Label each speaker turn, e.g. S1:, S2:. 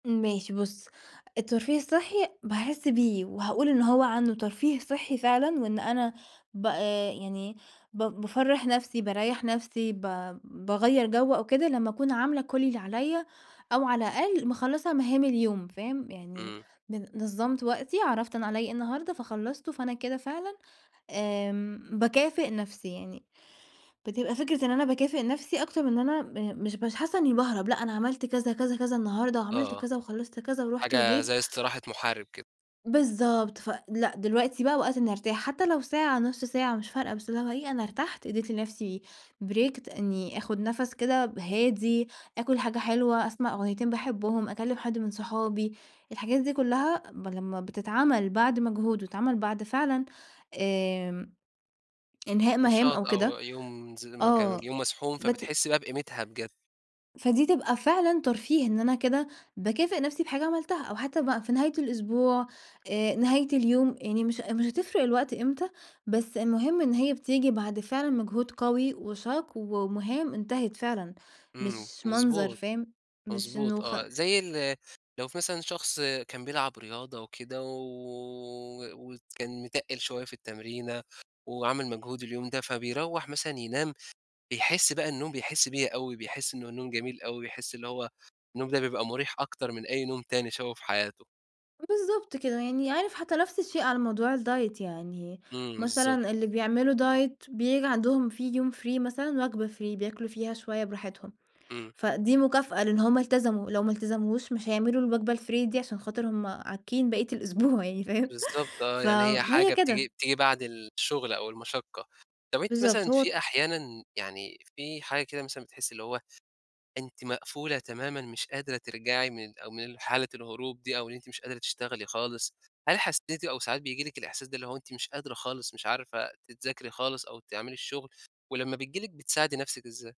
S1: ماشي بُص، الترفيه الصحي باحس بيه، وهاقول إن هو عنده ترفيه صحي فعلًا، وإن أنا ب آآ، يعني إيه ب بافَرّح نَفْسي، باريّح نَفْسي، ب باغيّر جو أو كده لما أكون عاملة كل اللي عليَّ، أو على الأقل مِخَلّصة مهام اليوم، فاهم؟ يعني
S2: إمم.
S1: بن نظمت وقتي، عرفت أنا عليَّ إيه النهاردة فخلصته، فأنا كده فعلًا آمم، باكافئ نَفْسي يعني، بتبقى فكرة إن أنا باكافئ نَفْسي أكتر من إن أنا آآ مش حاسة إني باهرَب، لأ أنا عملت كذا، كذا، كذا النهاردة، وعملت
S2: آه
S1: كذا وخلصت كذا ورُحت
S2: حاجة
S1: وجيت.
S2: زي إستراحة محارب كده.
S1: بالضبط، فلأ، دلوقتي بَقى وقت إني أرتاح، حتى لو ساعة، نُص ساعة، مش فارقة، بس اللي هو إيه، أنا إرتحت، إديت لنَفْسي break، إني آخد نَفَس كده هادي، آكل حاجة حلوة، أسمع أغنيتين باحبهم، أكلم حد من صحابي، الحاجات دي كلها ب لما بتتعمل بعد مجهود، وتتعمل بعد فعلًا آمم، إنهاء مهام
S2: نشاط
S1: أو
S2: أو
S1: كده،
S2: يوم [unintelligible] المكان
S1: آه
S2: يوم مزحوم،
S1: بت
S2: فبتحسي بَقى بقيمتها بجد.
S1: فدي تبقى فعلًا ترفيه، إن أنا كده باكافئ نَفْسي بحاجة عملتها، أو حتى بَقى في نهاية الأسبوع، آآ نهاية اليوم، يعني مش مش هتفرق الوقت إمتى، بس المهم إن هي بتيجي بعد فعلًا مجهود قوي وشاق، ومهام انتهت فعلًا،
S2: إمم،
S1: مش مَنظَر،
S2: مضبوط،
S1: فاهم؟ مش
S2: مضبوط،
S1: إنه خ
S2: آه. زي ال لو في مثلًا شخص كان بيلعب رياضة وكده، و و و وكان متقّل شوية في التمرينة، وعمل مجهود اليوم ده، فبيروَّح مثلًا ينام، بيحس بَقى النوم بيحس بيه أوي، بيحس إن النوم جميل أوي، بيحس اللي هو النوم ده بيبقى مريح أكتر من أي نوم تاني شافه في حياته.
S1: بالضبط كده، يعني عارف حتى نَفْس الشيء على موضوع الdiet يعني،
S2: إمم، بالضبط.
S1: مثلًا اللي بيعملوا diet، بييجي عندهم في يوم free، مثلًا وجبة free، بياكلوا فيها شوية براحتهم.
S2: إمم.
S1: فدي مكافأة، لأن هُم التزموا، لو ما التزموش، مش هيعملوا الوجبة الfree دي، عشان خاطر هُم عاكين بقية الأسبوع يعني، فاهم؟
S2: بالضبط، آه،
S1: ف
S2: يعني هي
S1: هي
S2: حاجة
S1: كده.
S2: بتيجي، بتيجي بعد الشُغلة أو المشقة. طَب أنتِ
S1: بالضبط
S2: مثلًا، في
S1: هو
S2: أحيانًا يعني، في حاجة كده مثلًا بتحسي، اللي هو أنتِ مقفولة تمامًا، مش قادرة ترجعي من ال أ من حالة الهروب دي، أو إن أنتِ مش قادرة تشتغلي خالص. هل حسيتِ، أو ساعات بييجي لِك الإحساس ده، اللي هو أنتِ مش قادرة خالص، مش عارفة أنتِ تذاكري خالص، أو تعملي الشغل، ولما بتيجي لِك، بتساعدي نَفْسِك إزاي؟